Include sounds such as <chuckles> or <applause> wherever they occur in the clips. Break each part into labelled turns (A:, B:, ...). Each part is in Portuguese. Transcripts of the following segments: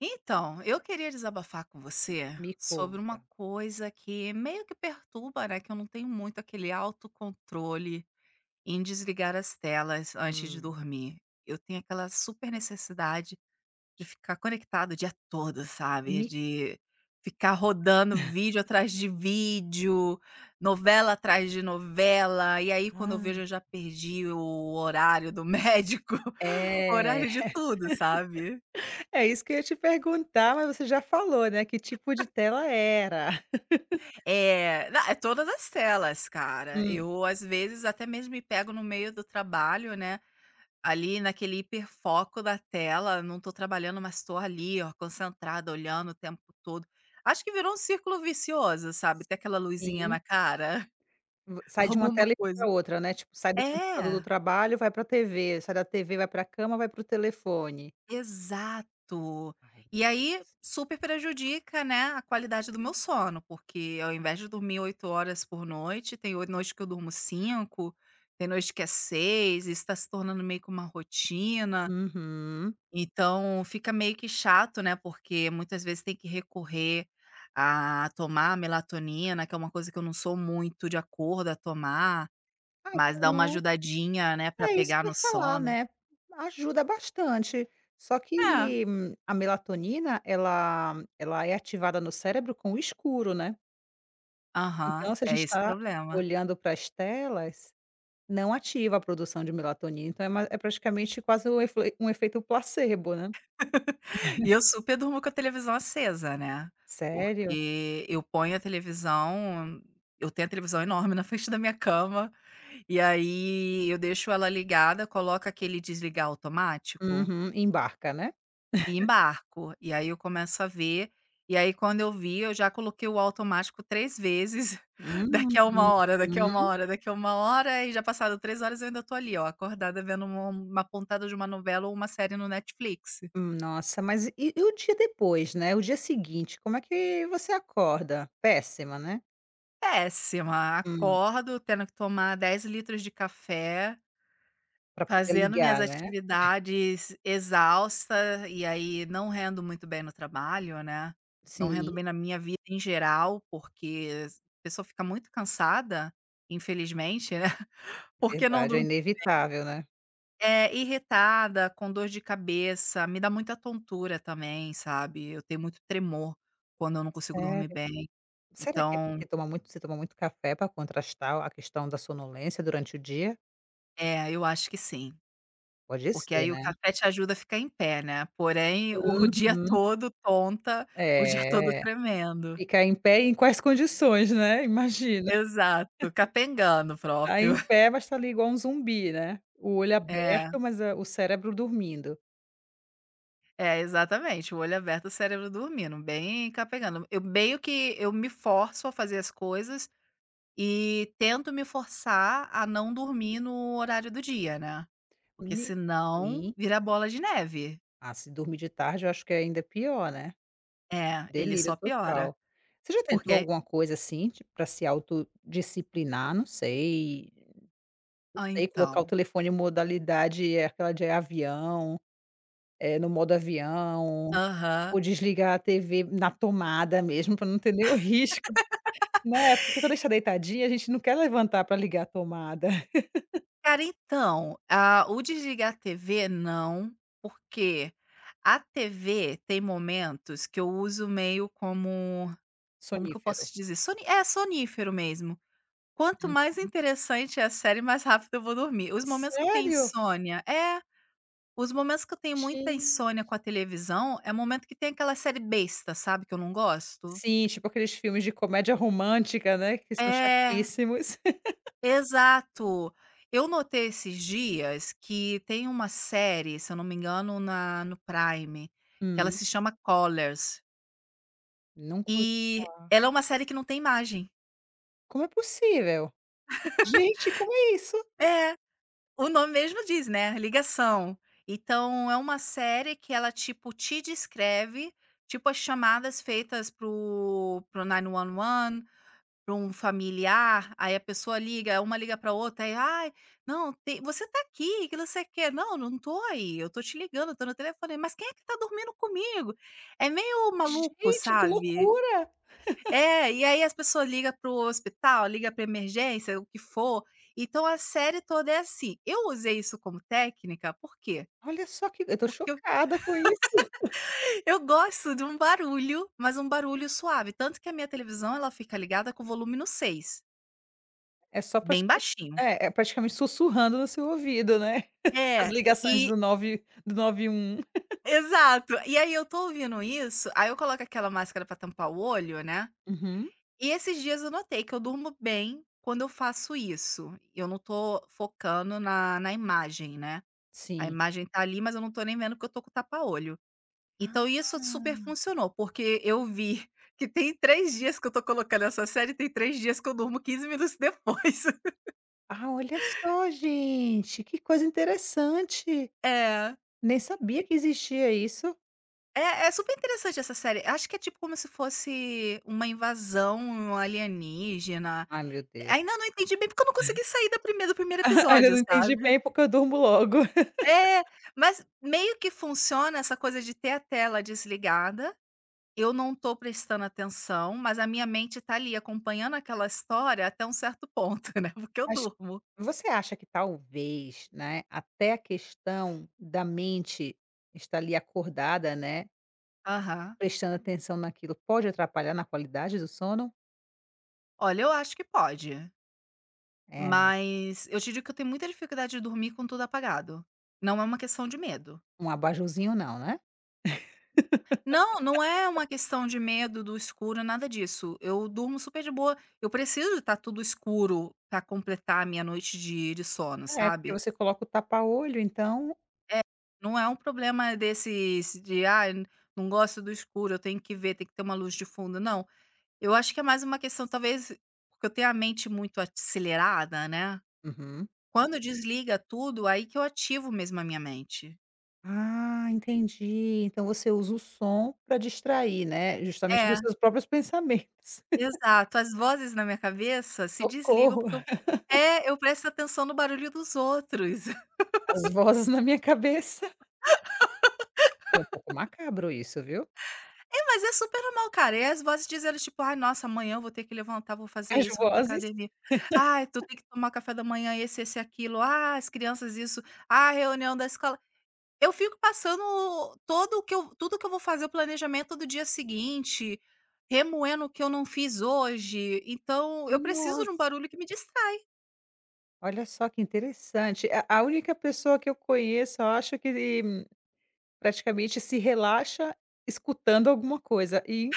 A: Então, eu queria desabafar com você
B: Me
A: sobre uma
B: conta.
A: coisa que meio que perturba, né, que eu não tenho muito aquele autocontrole em desligar as telas antes de
B: Hum.
A: dormir. Eu tenho aquela super necessidade, de ficar conectada o dia todo, sabe,
B: Me
A: de ficar rodando vídeo
B: <chuckles>
A: atrás de vídeo, novela atrás de novela e aí quando eu
B: Ah.
A: vejo eu já perdi o horário do médico,
B: É.
A: horário de tudo, sabe.
B: <laughs> É isso que eu ia te perguntar, mas você já falou, né, que tipo de
A: <chuckles>
B: tela era. <laughs>
A: É, na é todas as telas, cara.
B: Hum.
A: Eu, às vezes, até mesmo me pego no meio do trabalho, né. Ali naquele hiperfoco da tela, não estou trabalhando mas estou ali ó concentrada, olhando o tempo todo. Acho que virou um círculo vicioso, sabe, até aquela luzinha
B: Sim.
A: na cara.
B: Vo sai de uma
A: Alguma
B: tela e vai
A: coisa
B: pra outra, né, tipo sai do computador do
A: É!
B: trabalho vai pra TV, sai da TV vai pra cama, vai pro telefone.
A: Exato.
B: Aí, meu
A: E aí,
B: Deus.
A: super prejudica, né, a qualidade do meu sono, porque ao invés de dormir 8 horas por noite, tem o noite que eu durmo 5, tem noite que é 6 e isso tá se tornando meio que uma rotina.
B: Uhum.
A: Então, fica meio que chato, né, porque muitas vezes tem que recorrer a tomar melatonina, que é uma coisa que eu não sou muito de acordo a tomar.
B: Ai,
A: Mas
B: que
A: dá uma
B: no
A: ajudadinha, né, pra
B: É isso
A: pegar
B: que eu
A: no
B: ia falar,
A: sono.
B: né. Ajuda bastante, só
A: É.
B: que a melatonina ela ela é ativada no cérebro com o escuro, né.
A: Aham,
B: Então se a
A: é
B: gente
A: esse o
B: tá
A: problema.
B: olhando para as telas, não ativa a produção de melatonina, então é mai é praticamente quase um efe um efeito placebo, né.
A: <laughs>
B: <chuckles>
A: E eu super durmo com a televisão acesa, né,
B: Sério?
A: porque eu ponho a televisão eu tenho a televisão enorme na frente da minha cama e aí, eu deixo ela ligada, coloca aquele desligar automático
B: Uhum, embarca, né.
A: e
B: <chuckles>
A: embarco e aí, eu começo a ver e aí, quando eu vi, eu já coloquei o automático 3 vezes, <chuckles>
B: Hum,
A: daqui a 1 hora, daqui a 1
B: uhum.
A: hora, daqui a 1 hora e já passado 3 horas, eu ainda estou ali, ó, acordada vendo uma uma pontada de uma novela ou uma série no Netflix.
B: Hum, nossa, mas e e e o dia depois, né, o dia seguinte, como é que você acorda? Pésima, né.
A: Péssima,
B: Hum.
A: acordo tendo que tomar 10 litros de café
B: Pra poder
A: fazendo minhas
B: ligar, né.
A: atividades exausta, e aí, não rendo muito bem no trabalho, né, não rendo
B: Sim.
A: bem na minha vida em geral, porque a pessoa fica muito cansada, infelizmente, né. <chuckles> Porque não
B: Verdade, é
A: <unintelligible>
B: inevitável, né.
A: é, irritada, com dor de cabeça, me dá muita tontura também, sabe, eu tenho muito tremor quando eu não consigo dormir
B: Sério?
A: bem,
B: Será que é
A: então
B: porque toma muito você toma muito café pra contrastar a questão da sonolência durante o dia?
A: É, eu acho que sim,
B: Pode
A: porque
B: ser,
A: aí, o
B: né.
A: café te ajuda a ficar em pé, né, porém o dia
B: Uhum.
A: todo tonta, o dia todo
B: É,
A: tremendo
B: ficar em pé em quais condições, né, imagina, <chuckles>
A: Exato, capengando
B: tá
A: próprio.
B: em
A: <chuckles>
B: pé, mas tá ali igual um zumbi, né, o olho
A: É.
B: aberto, mas a o cérebro dormindo
A: É, exatamente, o olho aberto, o cérebro dormindo, bem capengando. Eu meio que eu me forço a fazer as coisas e tento me forçar a não dormir no horário do dia, né, porque
B: Me
A: senão
B: sim.
A: vira bola de neve.
B: Ah, se dormir de tarde eu acho que é ainda pior, né,
A: É, ele
B: delírio
A: só piora,
B: total. Você já
A: porque
B: tentou
A: é
B: alguma coisa, assim, tipo, pra se autodisciplinar, não sei, não
A: Ah,
B: sei, colocar o
A: então.
B: telefone em modalidade, eh, aquela de avião, eh, no modo avião
A: Aham.
B: ou desligar a TV na tomada mesmo, pra não ter nenhum risco,
A: <laughs>
B: né, porque quando a gente tá deitadinha, a gente não quer levantar pra ligar a tomada. <laughs>
A: Cara, então, a o desligar a TV, não, porque a TV tem momentos que eu uso meio como como que eu posso
B: Sonífero.
A: te dizer? Soni é sonífero mesmo. Quanto mais
B: Uhum.
A: interessante é a série, mais rápido eu vou dormir. Os momentos que eu tenho
B: Sério?
A: insônia É. Os momentos que eu tenho muita
B: Gente.
A: insônia com a televisão é o momento que tem aquela série besta, sabe, que eu não gosto.
B: Sim, tipo, aqueles filmes de comédia romântica, né, que são
A: É.
B: chatíssimos. <laughs>
A: Exato, eu notei esses dias, que tem uma série, se eu não me engano na no Prime, que ela
B: Hum.
A: se chama Collars.
B: Nunca o
A: E
B: falar.
A: ela é uma série que não tem imagem.
B: Como é possível? Gente, como é isso?
A: <laughs> É, o nome mesmo diz, né, ligação. Então é uma série que ela, tipo, te descreve, tipo, as chamadas feitas para o para o 911 para um familiar, aí a pessoa liga uma liga pra outra, e aí: "Ai, não tem você tá aqui, que não sei o quê" "Não, eu não estou aí. Eu estou te ligando, eu estou no telefone", "Mas quem é que tá dormindo comigo?". É meio maluco,
B: Gente, que
A: sabe.
B: loucura. <chuckles>
A: É, e aí as pessoa liga para o hospital, liga para emergência o que for, então a série toda é assim. Eu usei isso como técnica, por quê?
B: Olha só que eu tô
A: Porque eu
B: chocada com isso. <chuckles>
A: <laughs> eu gosto de um barulho, mas um barulho suave, tanto que a minha televisão ela fica ligada com o volume no 6.
B: É só pra
A: Bem
B: escu
A: baixinho.
B: é, é praticamente sussurrando no seu ouvido, né, <chuckles> as
A: É,
B: ligações
A: e
B: do nove do 91.
A: Exato. E
B: <laughs>
A: aí, eu tô ouvindo isso, aí eu coloco aquela máscara pra tampar o olho, né.
B: Uhum.
A: E esses dias eu notei que eu durmo bem quando eu faço isso, e eu não tô focando na na imagem, né. A
B: Sim.
A: imagem tá ali, mas eu não tô nem vendo, porque eu tô com tapa olho. Então isso super
B: Ah!
A: funcionou, porque eu vi que tem 3 dias que eu tô colocando essa série, tem 3 dias que eu durmo 15 minutos depois. <laughs>
B: Ah, olha só, gente, que coisa interessante.
A: É.
B: Nem sabia que existia isso.
A: É é super interessante essa série acho que é tipo como se fosse uma invasão alienígena.
B: Ai, meu Deus.
A: Ainda não entendi bem porque eu não
B: <chuckles>
A: consegui sair da primeira do primeiro
B: <chuckles> Ainda
A: episódio,
B: não entendi
A: sabe?
B: bem porque eu durmo logo.
A: É,
B: <laughs>
A: mas meio que funciona essa coisa de ter a tela desligada, eu não tô prestando atenção, mas a minha mente tá ali, acompanhando aquela história até um certo ponto né, porque eu
B: Acho
A: durmo.
B: você acha que talvez, né, até a questão da mente está ali, acordada, né.
A: Aham.
B: Prestando atenção naquilo pode atrapalhar na qualidade do sono?
A: Olha eu acho que pode.
B: É, né.
A: Mas eu te digo que eu tenho muita dificuldade de dormir com tudo apagado, e não é uma questão de medo.
B: Um abajurzinho não, né?
A: Não, não é
B: <laughs>
A: uma questão de medo do escuro nada disso eu durmo super de boa, eu preciso de tá tudo escuro pra completar a minha noite de de sono,
B: É porque
A: sabe.
B: você coloca o tapa olho então
A: É. Não é um problema desses de: "Ai, não gosto do escuro, eu tenho que ver, tem que ter uma luz de fundo." Não, eu acho que é mais uma questão talvez que eu tenho a mente muito acelerada, né.
B: Uhum.
A: Quando desliga tudo, aí que eu ativo mesmo a minha mente.
B: Ah, entendi, então você usa o som pra distrair, né, justamente dos
A: É.
B: seus próprios pensamentos.
A: Exato, as vozes na minha cabeça se desligam,
B: Socorro.
A: porque eu
B: <laughs>
A: É, eu presto atenção no barulho dos outros.
B: As
A: <laughs>
B: vozes na minha cabeça. Foi um pouco
A: <laughs>
B: macabro isso, viu.
A: É, mas é super normal, cara, e as vozes dizendo, tipo: "Ai, nossa, amanhã eu vou ter que levantar, vou fazer
B: As
A: isso, vou pra
B: vozes.
A: academia. Ai, tu
B: <laughs>
A: tem que tomar café da manhã, esse, esse, aquilo. Ah, as crianças isso. Ah, reunião da escola". Eu fico passando o todo o que eu tudo que eu vou fazer, o planejamento do dia seguinte, remoendo o que eu não fiz hoje, então eu preciso de um
B: Nossa!
A: barulho que me distrai.
B: Olha só que interessante, a a única pessoa que eu conheço, eu acho, que e praticamente se relaxa escutando alguma coisa e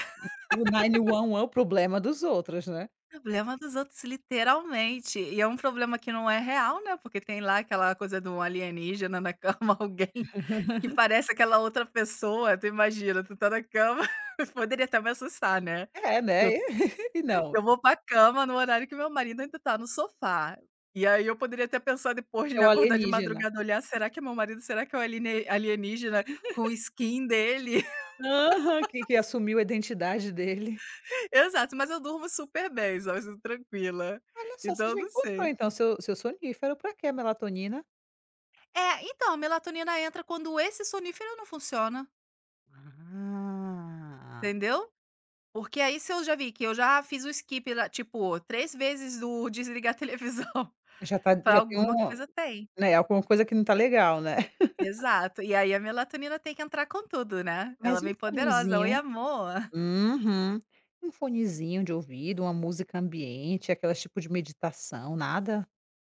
B: o 911 o problema dos outros, né.
A: Problema dos outros literalmente, e é um problema que não é real, né, porque tem lá aquela coisa do alienígena na cama, alguém que
B: <chuckles>
A: parece aquela outra pessoa. Tu imagina, tu tá na cama <chuckles> poderia até me assustar, né,
B: É,
A: que
B: né,
A: eu
B: e <laughs> e
A: eu
B: não.
A: vou pra cama no horário que meu marido ainda tá no sofá, e aí eu poderia até pensar depois
B: É
A: de
B: o
A: acordar de
B: alienígena.
A: madrugada, olhar: "Será que é meu marido? Será que é o aliene alienígena com o
B: <laughs>
A: skin dele".
B: Aham, que
A: <laughs>
B: que assumiu a identidade dele.
A: Exato, mas eu durmo super bem, sabe, su tranquila,
B: Olha só, você
A: então eu
B: já
A: não
B: encontrou,
A: sei.
B: então, seu seu sonífero, pra quê a melatonina?
A: É, então, a melatonina entra quando esse sonífero não funciona.
B: Ah.
A: Entendeu? Porque aí, se eu já vi que eu já fiz o skip lá, tipo, 3 vezes o desligar televisão,
B: Já tá
A: falo:
B: já tem
A: "Alguma
B: um,
A: coisa tem".
B: né, alguma coisa que não tá legal, né. <chuckles>
A: Exato. E aí a melatonina tem que entrar com tudo, né, ela
B: Mas e um
A: vem poderosa: "Oi
B: fonezinho?
A: amor".
B: Uhum. E um fonezinho de ouvido, uma música ambiente, aquelas tipo de meditação, nada?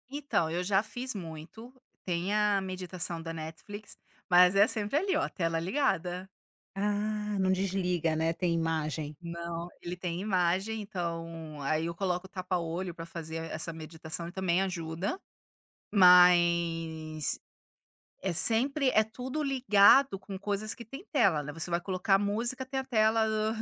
A: Então eu já fiz muito, tem a meditação da Netflix, mas é sempre ali, ó, tela ligada.
B: Ah, não desliga, né, tem imagem.
A: Não, ele tem imagem, então aí, eu coloco o tapa olho pra fazer essa meditação e também ajuda, mas é sempre é tudo ligado com coisas que tem tela, né. Você vai colocar música, tem a tela do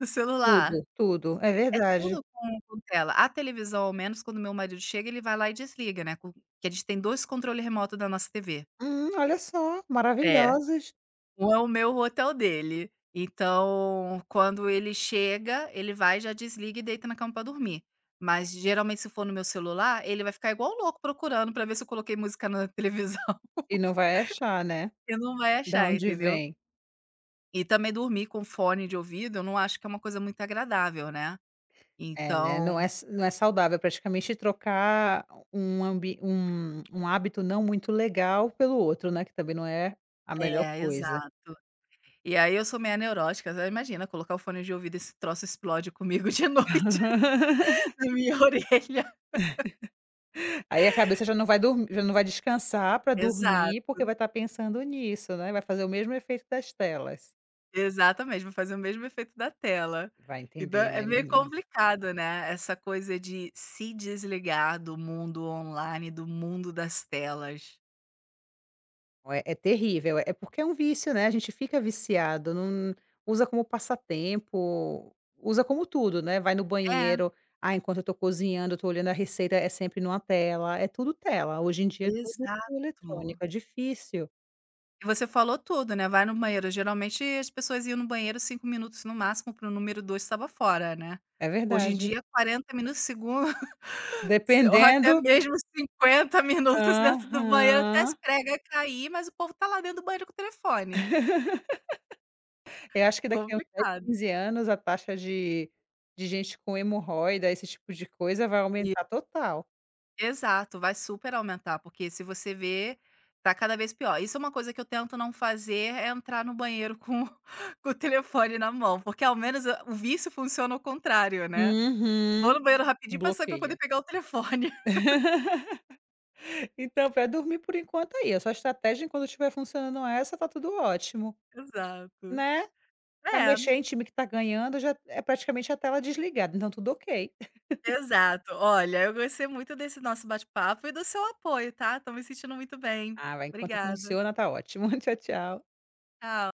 A: do celular,
B: Tudo, tudo, é
A: é
B: verdade.
A: tudo com com tela. A televisão, ao menos quando meu marido chega, ele vai lá e desliga, né, com que a gente tem 2 controle remoto da nossa TV.
B: Hum, olha só,
A: É,
B: maravilhosos.
A: um é o meu, o outro é dele. Então quando ele chega, ele vai já desliga e deita na cama pra dormir, mas geralmente se for no meu celular, ele vai ficar igual louco procurando pra ver se eu coloquei música na televisão <chuckles>
B: E não vai achar, né,
A: e não vai
B: da
A: achar,
B: onde
A: entendeu.
B: vem.
A: E também dormir com fone de ouvido, eu não acho que é uma coisa muito agradável, né,
B: É, né, não é
A: então
B: s não é saudável, praticamente trocar um ambi um um hábito não muito legal pelo outro, né, que também não é a melhor
A: É,
B: coisa.
A: exato. E aí eu sou meia neurótica, imagina colocar o fone de ouvido, esse troço explode comigo de noite,
B: <laughs>
A: na minha orelha. <laughs>
B: <laughs> Aí a cabeça já não vai dor já não vai descansar pra dormir, porque
A: Exato.
B: vai estar pensando nisso, né, vai fazer o mesmo efeito das telas.
A: Exatamente, vai fazer o mesmo efeito da tela.
B: Vai
A: E dá
B: entender,
A: é
B: né,
A: meio
B: menina.
A: complicado, né, essa coisa de se desligar do mundo online, do mundo das telas.
B: Ué, é terrível, é porque é um vício, né, a gente fica viciado num usa como passatempo, usa como tudo, né. Vai no
A: É.
B: banheiro, ah, enquanto eu estou cozinhando, eu estou olhando a receita, é sempre numa tela, é tudo tela, hoje em dia é tudo
A: Exato.
B: eletrônico, é difícil.
A: E você falou tudo, né, vai no banheiro, geralmente as pessoas iam no banheiro, 5 minutos no máximo para o número 2, e estava fora, né.
B: É
A: Hoje em
B: verdade.
A: dia, 40 minutos segun <chuckles> se ou até
B: Dependendo
A: mesmo 50 minutos dentro do banheiro até as
B: Aham
A: prega cair, mas o povo tá lá dentro do banheiro com o telefone.
B: <laughs> É, acho que daqui uns 10,
A: Complicado.
B: 15 anos a taxa de de gente com hemorroida, esse tipo de coisa, vai
A: E
B: aumentar total.
A: Exato, vai super aumentar, porque se você ver, tá cada vez pior. Isso é uma coisa que eu tento não fazer, é entrar no banheiro com com o telefone na mão, porque ao menos, hã, o vício funciona ao contrário, né. Vou
B: Uhum.
A: no banheiro rapidinho pra sair pra poder
B: Bloqueia.
A: pegar o telefone. <laughs>
B: <laughs> Então pra dormir por enquanto é isso, a estratégia, enquanto estiver funcionando essa, tá tudo ótimo,
A: Exato.
B: né. Vai
A: É.
B: mexer em time que tá ganhando? Eu já é praticamente a tela desligada, então tudo ok. <laughs>
A: Exato. Olha, eu gostei muito desse nosso bate-papo e do seu apoio, tá, tô me sentindo muito bem.
B: Ah, vai, enquanto
A: Obrigada.
B: funciona tá ótimo. <chuckles> Tchau, tchau.
A: Tchau.